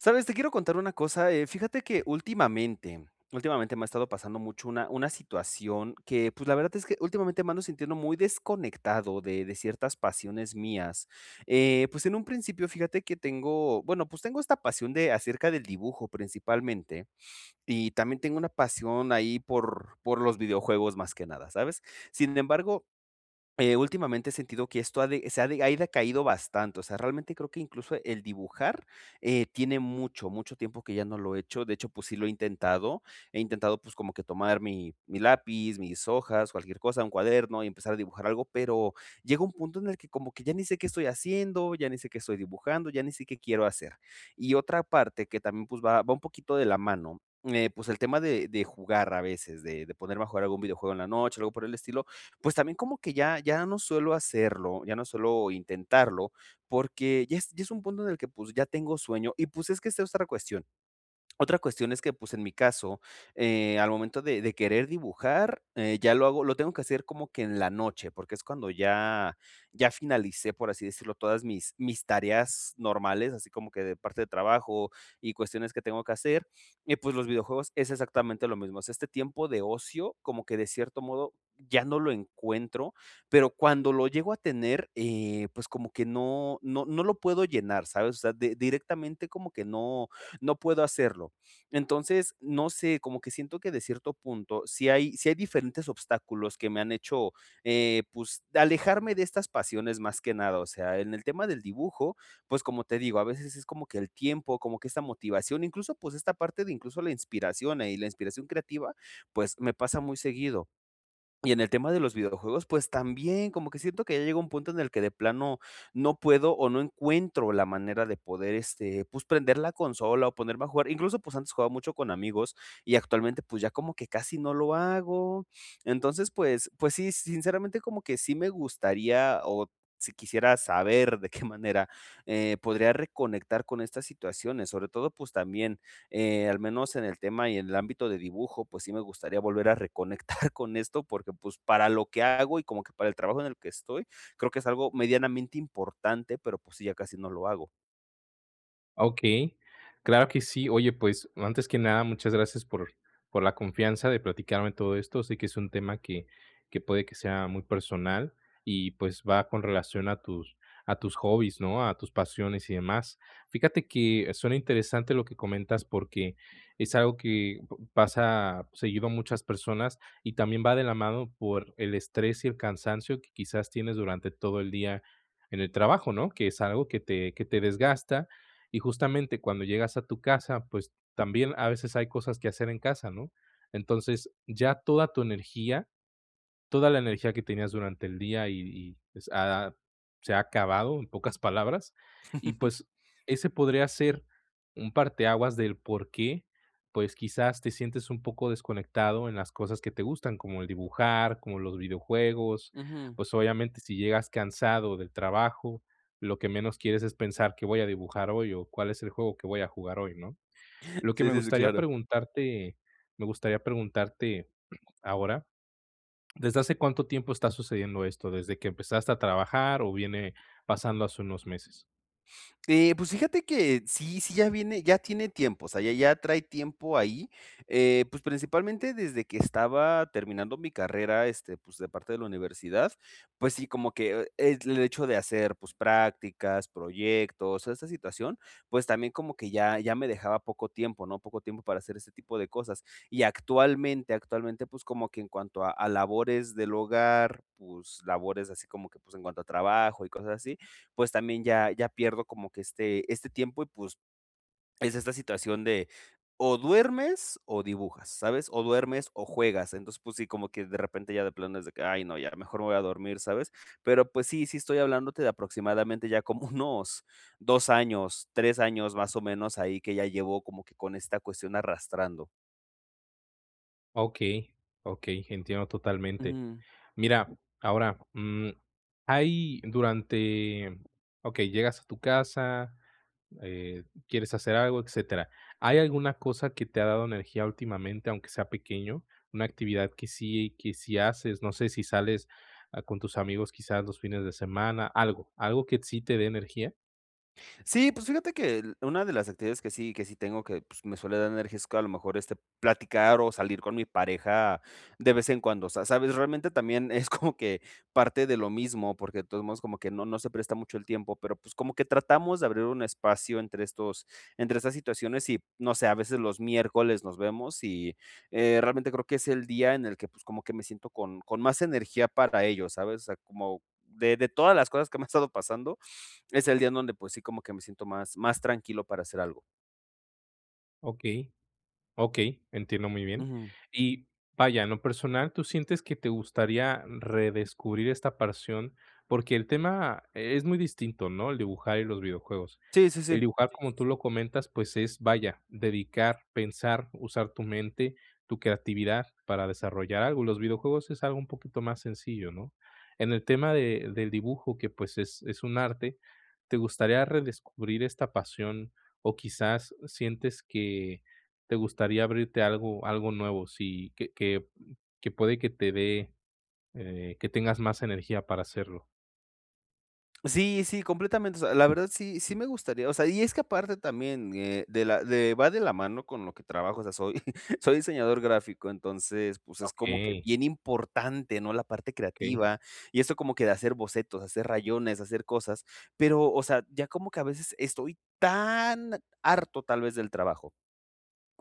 ¿Sabes? Te quiero contar una cosa, eh fíjate que últimamente últimamente me ha estado pasando mucho una una situación que, pues, la verdad es que, últimamente me ando sintiendo muy desconectado de de ciertas pasiones mías. Eh, pues en un principio fíjate que tengo, bueno, pues tengo esta pasión de acerca del dibujo principalmente. Y también tengo una pasión ahí por por los videojuegos más que nada, ¿sabes? Sin embargo, eh, últimamente he sentido que esto ha de se ha de ha decaído bastante, o sea, realmente creo que incluso el dibujar, eh, tiene mucho, mucho tiempo que ya no lo he hecho. De hecho, pues sí lo he intentado. He intentado, pues como que tomar mi mi lápiz, mis hojas, cualquier cosa, un cuaderno y empezar a dibujar algo, pero llega un punto en el que como que ya ni sé qué estoy haciendo, ya ni sé qué estoy dibujando, ya ni sé qué quiero hacer. Y otra parte que también, pues, va va un poquito de la mano, eh, pues el tema de de jugar a veces. De de poner mejor algún videojuego en la noche, algo por el estilo, pues también como que ya ya no suelo hacerlo. Ya no suelo intentarlo, porque ya es ya es un punto en el que, pues, ya tengo sueño. Y pues es que esa es otra cuestión. Otra cuestión es que, pues, en mi caso, eh, al momento de de querer dibujar eh, ya lo hago lo tengo que hacer como que en la noche, porque es cuando ya ya finalicé, por así decirlo, todas mis mis tareas normales, así como que de parte de trabajo y cuestiones que tengo que hacer, y pues los videojuegos es exactamente lo mismo. O sea, este tiempo de ocio, como que de cierto modo ya no lo encuentro, pero cuando lo llego a tener, eh, pues como que no no no lo puedo llenar, ¿sabes? O sea, de directamente como que no no puedo hacerlo. Entonces, no sé, como que siento que de cierto punto, si hay si hay diferentes obstáculos que me han hecho eh, pues alejarme de estas pasiones más que nada. O sea, en el tema del dibujo, pues como te digo, a veces es como que el tiempo, como que esa motivación, incluso pues esta parte de incluso la inspiración, eh, y la inspiración creativa, pues, me pasa muy seguido. Y en el tema de los videojuegos, pues también, como que siento que ya llega un punto en el que de plano no puedo o no encuentro la manera de poder, este, pues prender la consola o ponerme a jugar. Incluso pues antes jugaba mucho con amigos, y actualmente pues ya como que casi no lo hago. Entonces pues pues sí, sinceramente como que sí me gustaría, o si quisiera saber de qué manera, eh, podría reconectar con estas situaciones, sobre todo, pues también, eh, al menos en el tema y en el ámbito de dibujo, pues sí me gustaría volver a reconectar con esto, porque, pues para lo que hago y como que para el trabajo en el que estoy, creo que es algo medianamente importante, pero, pues sí, ya casi no lo hago. Ah, okey, claro que sí. Oye, pues, antes que nada, muchas gracias por por la confianza de platicarme todo esto. Sé que es un tema que que puede que sea muy personal y, pues, va con relación a tus a tus hobbies, ¿no?, a tus pasiones y demás. Fíjate que suena interesante lo que comentas, porque es algo que p pasa seguido a muchas personas y también va de la mano por el estrés y el cansancio que quizás tienes durante todo el día en el trabajo, ¿no?, que es algo que te que te desgasta. Y justamente cuando llegas a tu casa, pues, también a veces hay cosas que hacer en casa, ¿no? Entonces, ya toda tu energía, toda la energía que tenías durante el día, y y s ha ha se ha acabado, en pocas palabras. Y, pues, ese podría ser un parteaguas del porqué, pues, quizás te sientes un poco desconectado en las cosas que te gustan, como el dibujar, como los videojuegos. Ujú. Pues, obviamente, si llegas cansado del trabajo, lo que menos quieres es pensar: "¿Qué voy a dibujar hoy o cuál es el juego que voy a jugar hoy?", ¿no? Lo que Sí, me sí, sí, gustaría claro. preguntarte me gustaría preguntarte ahora, ¿desde hace cuánto tiempo está sucediendo esto?, ¿desde que empezaste a trabajar o viene pasando hace unos meses? Eh, pues, fíjate que sí sí ya viene ya tiene tiempo, o sea, ya ya trae tiempo ahí. Eh, pues, principalmente desde que estaba terminando mi carrera, este, pues, de parte de la universidad, pues sí, como que e l el hecho de hacer, pues, prácticas, proyectos, esta situación, pues, también como que ya ya me dejaba poco tiempo, ¿no? Poco tiempo para hacer ese tipo de cosas. Y actualmente actualmente, pues, como que en cuanto a a labores del hogar, pues, labores así como que, pues, en cuanto a trabajo y cosas así, pues también ya ya pierdo como que este este tiempo y, pues, es esta situación de ¿o duermes o dibujas?, ¿sabes? ¿O duermes o juegas? Entonces, sí, como que de repente ya de plano es de que: "Ay no, ya mejor me voy a dormir", ¿sabes? Pero, pues sí, sí estoy hablándote de aproximadamente ya como unos 2 años, 3 años más o menos ahí, que ya llevo como que con esta cuestión arrastrando. Okey, okey, entiendo totalmente. Mm. Mira, ahora, mm, hay durante, okey, llegas a tu casa, eh, quieres hacer algo, etcétera. ¿Hay alguna cosa que te ha dado energía últimamente, aunque sea pequeño? ¿Una actividad que si que si haces, no sé si sales, ah, con tus amigos quizás los fines de semana, algo, algo que sí te dé energía? Sí, pues, fíjate que el una de las actividades que sí que sí tengo que, pues, me suele dar energía, es que a lo mejor, este, platicar o salir con mi pareja de vez en cuando, o sea, ¿sabes? Realmente también es como que parte de lo mismo, porque de todos modos como que no no se presta mucho el tiempo, pero, pues, como que tratamos de abrir un espacio entre estos entre esas situaciones y, no sé, a veces los miércoles nos vemos, y, eh, realmente creo que es el día en el que, pues, como que me siento con con más energía para ello, ¿sabes? O sea, como de de todas las cosas que me han estado pasando, es el día en donde, pues, sí como que me siento más más tranquilo para hacer algo. Okey, okey, entiendo muy bien. Ujú. Y, vaya, en lo personal, ¿tú sientes que te gustaría redescubrir esta pasión? Porque el tema es muy distinto, ¿no?, el dibujar y los videojuegos. Sí, sí, El sí. dibujar, como tú lo comentas, pues, es, vaya, dedicar, pensar, usar tu mente, tu creatividad para desarrollar algo. Los videojuegos es algo un poquito más sencillo, ¿no? En el tema de del dibujo que, pues, es es un arte, ¿te gustaría redescubrir esta pasión? ¿O quizás sientes que te gustaría abrirte algo algo nuevo? Sí, que que, mm, que puede que te dé, eh, que tengas más energía para hacerlo. Sí, sí, completamente. O sea, la verdad sí sí me gustaría. O sea Y es que aparte también, eh, de la de Va de la mano con lo que trabajo, o sea, soy soy diseñador gráfico. Entonces, pues, es como que Okey. bien importante, ¿no?, la parte Okey. creativa, y eso como que de hacer bocetos, hacer rayones, hacer cosas. Pero, o sea, ya como que a veces, estoy tan harto, tal vez del trabajo,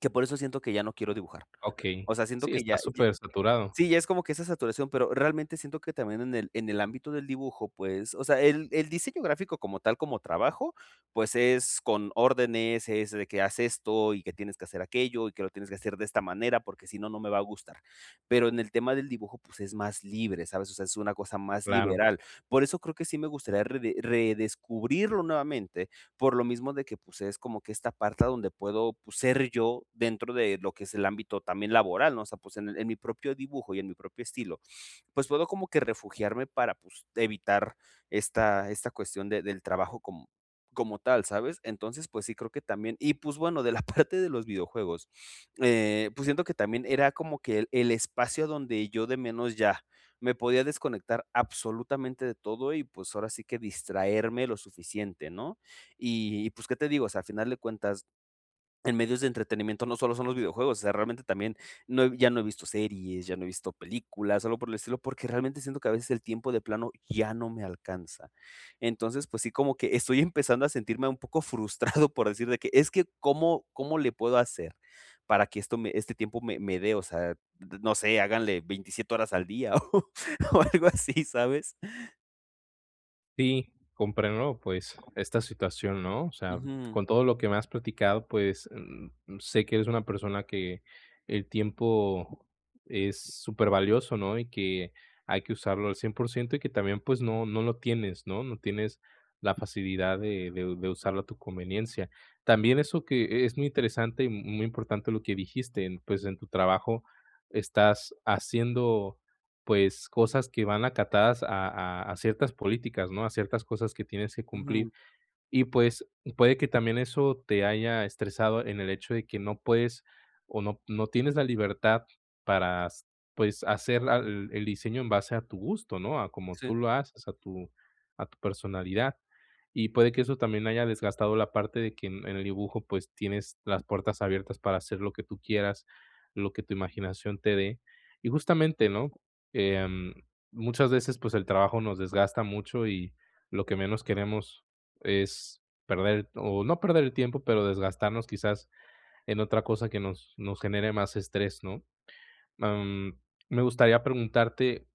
que por eso siento que ya no quiero dibujar. Okey. O sea, siento Sí, que está ya ya súper saturado. Sí, ya es como que esa saturación, pero realmente siento que también en el en el ámbito del dibujo, pues, o sea El el diseño gráfico como tal, como trabajo, pues es con órdenes, es de que: "Haz esto, y que tienes que hacer aquello, y que lo tienes que hacer de esta manera, porque si no, no me va a gustar". Pero en el tema del dibujo, pues es más libre, ¿sabes? O sea, es una cosa más Claro. liberal. Por eso creo que sí me gustaría, rede redescubrirlo nuevamente, por lo mismo de que, pues es como que esta parte donde puedo, pues ser yo, dentro de lo que es el ámbito también laboral, ¿no?, o sea, pues en en mi propio dibujo y en mi propio estilo, pues, puedo como que refugiarme para, pues, evitar esta esta cuestión de del trabajo com como tal, ¿sabes? Entonces, pues, sí creo que también Y pues, bueno, de la parte de los videojuegos, eh, pues siento que también, era como que el el espacio donde yo, de menos, ya, me podía desconectar absolutamente de todo, y pues, ahora sí que distraerme lo suficiente, ¿no? Y, pues, ¿qué te digo? O sea, al final de cuentas, en medios de entretenimiento, no solo son los videojuegos, o sea, realmente también, no ya no he visto series, ya no he visto películas, sólo por el estilo, porque realmente, siento que a veces el tiempo, de plano, ya no me alcanza. Entonces, pues sí, como que estoy empezando a sentirme un poco frustrado, por decir de que: "Es que, ¿cómo cómo le puedo hacer?, para que esto me Este tiempo me me dé, o sea, n no sé". Háganle 27 horas al día, o o algo así, ¿sabes? Sí, comprendo, ¿no?, pues, esta situación, ¿no? O sea, Ujú. con todo lo que me has platicado, pues, mm, sé que eres una persona que el tiempo es supervalioso, ¿no?, y que hay que usarlo al 100% y que también, pues, no no lo tienes, ¿no? No tienes la facilidad de de u de usarlo a tu conveniencia. También eso que es muy interesante y muy importante lo que dijiste, pues, en tu trabajo estás haciendo, pues, cosas que van acatadas a a a ciertas políticas, ¿no?, a ciertas cosas que tienes que Ujú. cumplir. Y, pues, puede que también eso te haya estresado en el hecho de que no puedes o no no tienes la libertad para, s pues, hacer la el diseño en base a tu gusto, ¿no?, a como tú Sí. lo haces, a tu a tu personalidad. Y puede que eso también haya desgastado la parte de que en el dibujo, pues, tienes las puertas abiertas para hacer lo que tú quieras, lo que tu imaginación te dé. Y justamente, ¿no?, em, muchas veces, pues, el trabajo nos desgasta mucho y lo que menos queremos es perder o no perder el tiempo, pero desgastarnos quizás en otra cosa que nos nos genere más estrés, ¿no? Mm, me gustaría preguntarte,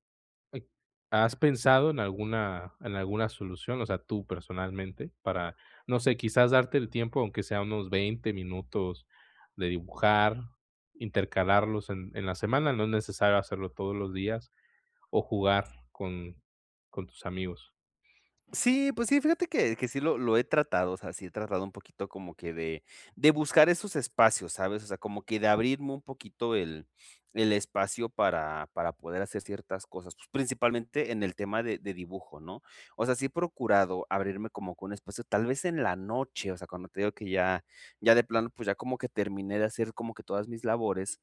¿has pensado en alguna en alguna solución, o sea, tú personalmente? Para, no sé, quizás darte el tiempo, aunque sea unos 20 minutos de dibujar, intercalarlos en en la semana, no es necesario hacerlo todos los días, o jugar con con tus amigos. Sí, pues sí, fíjate que que sí lo lo he tratado, o sea, sí he tratado un poquito como que de de buscar esos espacios, ¿sabes?, o sea, como que de abrirme un poquito el el espacio para para poder hacer ciertas cosas. Pues, principalmente en el tema de de dibujo ¿no? O sea, sí he procurado abrirme como con un espacio, tal vez en la noche, o sea, cuando te digo que ya ya de plano, pues, ya como que terminé de hacer como que todas mis labores.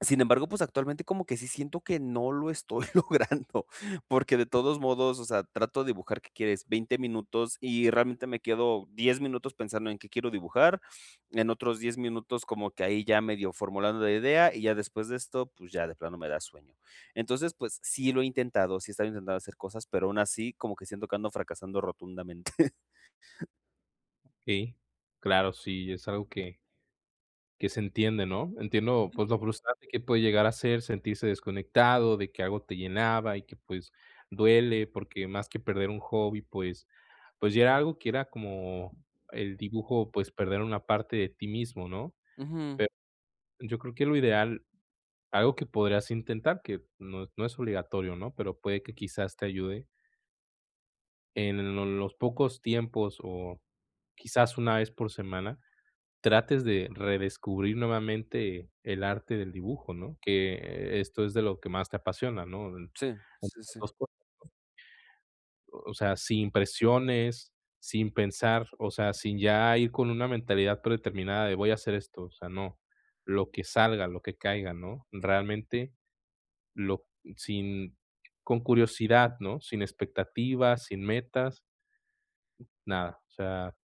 Sin embargo, pues, actualmente como que sí siento que no lo estoy logrando, porque de todos modos, o sea, trato de dibujar, ¿qué quieres? 20 minutos, y realmente me quedo 10 minutos pensando en qué quiero dibujar, en otros 10 minutos como que ahí ya medio formulando la idea, y ya después de esto, pues, ya de plano me da sueño. Entonces, pues, sí lo he intentado, sí estaba intentando hacer cosas, pero aún así como que siento que ando fracasando rotundamente. Okey, claro, sí, es algo que que se entiende, ¿no? Entiendo, pues, Ujú. lo frustrante que puede llegar a ser, sentirse desconectado, de que algo te llenaba y que, pues, duele, porque más que perder un hobby, pues pues, ya era algo que era como el dibujo, pues, perder una parte de ti mismo, ¿no? Ujú. Pe yo creo que lo ideal, algo que podrías intentar, que no no es obligatorio, ¿no?, pero puede que quizás te ayude en lo los pocos tiempos o quizás una vez por semana, trates de redescubrir nuevamente el arte del dibujo, ¿no?, que esto es de lo que más te apasiona, ¿no?, Sí, sí, esas sí. 2 cosas, ¿no? O sea, sin presiones, sin pensar, o sea, sin ya ir con una mentalidad predeterminada de voy a hacer esto. O sea, no, lo que salga, lo que caiga, ¿no? Realmente lo sin con curiosidad, ¿no?, sin expectativas, sin metas. Nada, o sea,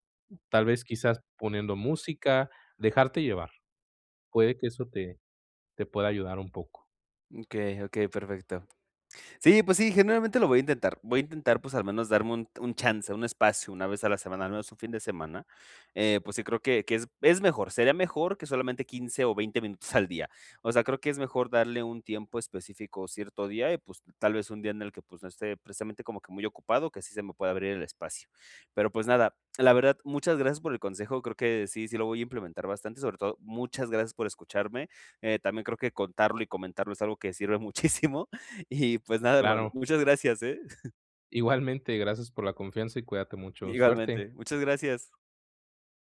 tal vez quizás poniendo música, dejarte llevar. Puede que eso te te pueda ayudar un poco. Okey, okey, perfecto. Sí, pues sí, generalmente lo voy a intentar. Voy a intentar, pues, al menos darme un un chance, un espacio una vez a la semana, al menos un fin de semana. Eh, pues sí, creo que que es es mejor, sería mejor que solamente 15 o 20 minutos al día. O sea, creo que es mejor darle un tiempo específico cierto día y, pues, tal vez un día en el que, pues, no esté precisamente como que muy ocupado, que sí se me pueda abrir el espacio. Pero, pues, nada, la verdad, muchas gracias por el consejo, creo que sí, sí lo voy a implementar bastante, sobre todo muchas gracias por escucharme. Eh, también creo que contarlo y comentarlo es algo que sirve muchísimo, y, pues, nada, hermano, Claro. muchas [unintelligible] gracias, eh. Igualmente, gracias por la confianza y cuídate mucho, suerte. Igualmente, muchas gracias.